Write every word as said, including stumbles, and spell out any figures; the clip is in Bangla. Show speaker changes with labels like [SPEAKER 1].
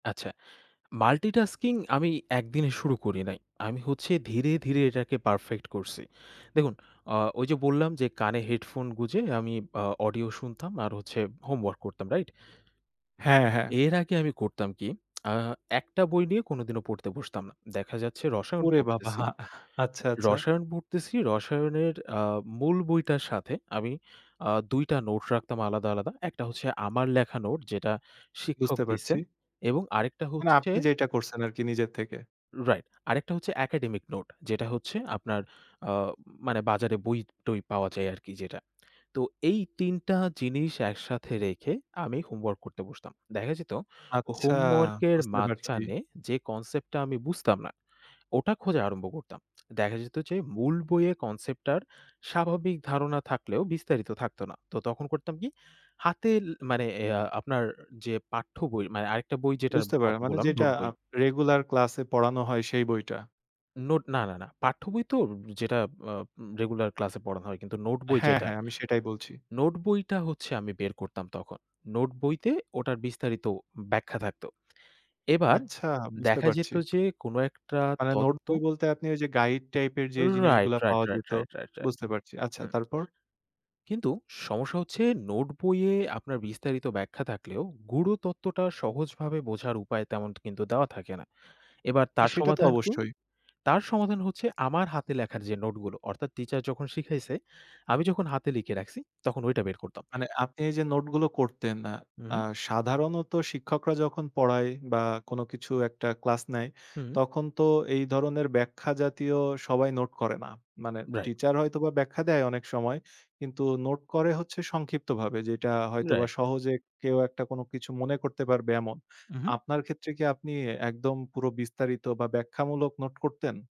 [SPEAKER 1] আচ্ছা। মাল্টিটাস্কিং আমি একদিনে শুরু করি নাই। আমি হচ্ছে ধীরে, ধীরে, এটাকে পারফেক্ট করছি। দেখুন অ ওই যে, বললাম যে, কানে হেডফোন গুঁজে আমি অ অডিও শুনতাম আর হচ্ছে হোম ওয়ার্ক করতাম। রাইট?
[SPEAKER 2] হ্যাঁ, হ্যাঁ।
[SPEAKER 1] এর আগে আমি করতাম কি আ একটা বই নিয়ে কোনদিনও পড়তে বসতাম না। দেখা যাচ্ছে রসায়ন
[SPEAKER 2] ওরে বাবা
[SPEAKER 1] পড়তেছি।
[SPEAKER 2] আচ্ছা, আচ্ছা।
[SPEAKER 1] 'রসায়ন' পড়তেছি রসায়নের এ্যাঁ মূল বইটার সাথে আমি আ দুই টা নোট রাখতাম আলাদা, আলাদা। একটা হচ্ছে আমার লেখা নোট যেটা শিক্ষক
[SPEAKER 2] বুঝতে পারছি।
[SPEAKER 1] দিছেন। এবং আরেকটা
[SPEAKER 2] মানে
[SPEAKER 1] হচ্ছে
[SPEAKER 2] আপনি যেইটা করছেন আরকি নিজের থেকে।
[SPEAKER 1] রাইট। আরেকটা হচ্ছে একাডেমিক নোট। যেটা হচ্ছে আপনার, আ মানে বাজারে বই-টই পাওয়া যায় আরকি যেটা। তো এই তিন টা জিনিস একসাথে রেখে আমি হোমওয়ার্ক করতে বসতাম। দেখা যেত
[SPEAKER 2] আচ্ছা,
[SPEAKER 1] হোমওয়ার্ক এর
[SPEAKER 2] বুঝতে পারছি।
[SPEAKER 1] মাঝখানে যে, কনসেপ্টটা আমি বুঝতাম না, ওটা খোঁজা আরম্ভ করতাম। দেখা যেত যে, মূল বইয়ে কনসেপ্ট টার স্বাভাবিক ধারণা থাকলেও বিস্তারিত থাকত না। তো তখন করতাম কি, হাতেল মানে এয়া আপনার যে, পাঠ্য বই মানে আরেকটা বই যে,
[SPEAKER 2] বুঝতে পারেন
[SPEAKER 1] কথা
[SPEAKER 2] মানে
[SPEAKER 1] বললাম
[SPEAKER 2] যেটা
[SPEAKER 1] নোট
[SPEAKER 2] আ
[SPEAKER 1] বই।
[SPEAKER 2] রেগুলার ক্লাসে পড়ানো হয় সেই বইটা।
[SPEAKER 1] নোট না, না, না। পাঠ্যবই তো যেটা আ রেগুলার ক্লাসে পড়ানো হয়। কিন্তু নোটবই
[SPEAKER 2] হ্যাঁ,
[SPEAKER 1] যেটা।
[SPEAKER 2] হ্যাঁ, আমি সেটাই বলছি।
[SPEAKER 1] নোট বইটা হচ্ছে আমি বের করতাম তখন। নোট বইতে ওটার বিস্তারিত ব্যাখ্যা থাকতো। এবার,
[SPEAKER 2] আচ্ছা, বুঝতে
[SPEAKER 1] দেখা যেত
[SPEAKER 2] পারছি।
[SPEAKER 1] যে, কোন একটা
[SPEAKER 2] মানে নোট
[SPEAKER 1] তত্ত্ব
[SPEAKER 2] বই বলতে আপনি যে, গাইড টাইপের যে,
[SPEAKER 1] রাইট,
[SPEAKER 2] জিনিসগুলা
[SPEAKER 1] রাইট,
[SPEAKER 2] পাওয়া
[SPEAKER 1] রাইট,
[SPEAKER 2] যেত
[SPEAKER 1] রাইট, রাইট, রাইট।
[SPEAKER 2] বুঝতে পারছি। আচ্ছা
[SPEAKER 1] হুম।
[SPEAKER 2] তারপর?
[SPEAKER 1] কিন্তু সমস্যা হচ্ছে নোট বইয়ে আপনার বিস্তারিত ব্যাখ্যা থাকলেও। গুঢ় তত্ত্বটা সহজভাবে বোঝার উপায় তেমন কিন্তু দেওয়া থাকে না। এবার তার
[SPEAKER 2] সেটা তো
[SPEAKER 1] সমাধান কি?
[SPEAKER 2] অবশ্যই।
[SPEAKER 1] তার সমাধান হচ্ছে আমার হাতে লেখার যে, নোটগুলো। অর্থাৎ টিচার যখন শিখাইছে, আমি যখন হাতে লিখে রাখছি তখন ওইটা বের করতাম।
[SPEAKER 2] মানে আপনি এই যে, নোটগুলো করতেন
[SPEAKER 1] হু, হুম।
[SPEAKER 2] এ্যাঁ সাধারণত শিক্ষকরা যখন পড়ায় বা কোন কিছু একটা ক্লাস নেয়,
[SPEAKER 1] হুম।
[SPEAKER 2] তখন তো এই ধরনের ব্যাখ্যা জাতীয় সবাই নোট করে না। মানে
[SPEAKER 1] রাইট।
[SPEAKER 2] টিচার হয়তোবা ব্যাখ্যা দেয় অনেক সময়, কিন্তু নোট করে হচ্ছে সংক্ষিপ্তভাবে যেটা হয়তোবা
[SPEAKER 1] রাইট।
[SPEAKER 2] সহজে কেউ একটা কিছু মনে করতে পারবে এমন।
[SPEAKER 1] উ, হুম।
[SPEAKER 2] আপনার ক্ষেত্রে কি আপনি এ্যাঁ একদম পুরো বিস্তারিত বা ব্যাখ্যামূলক নোট করতেন?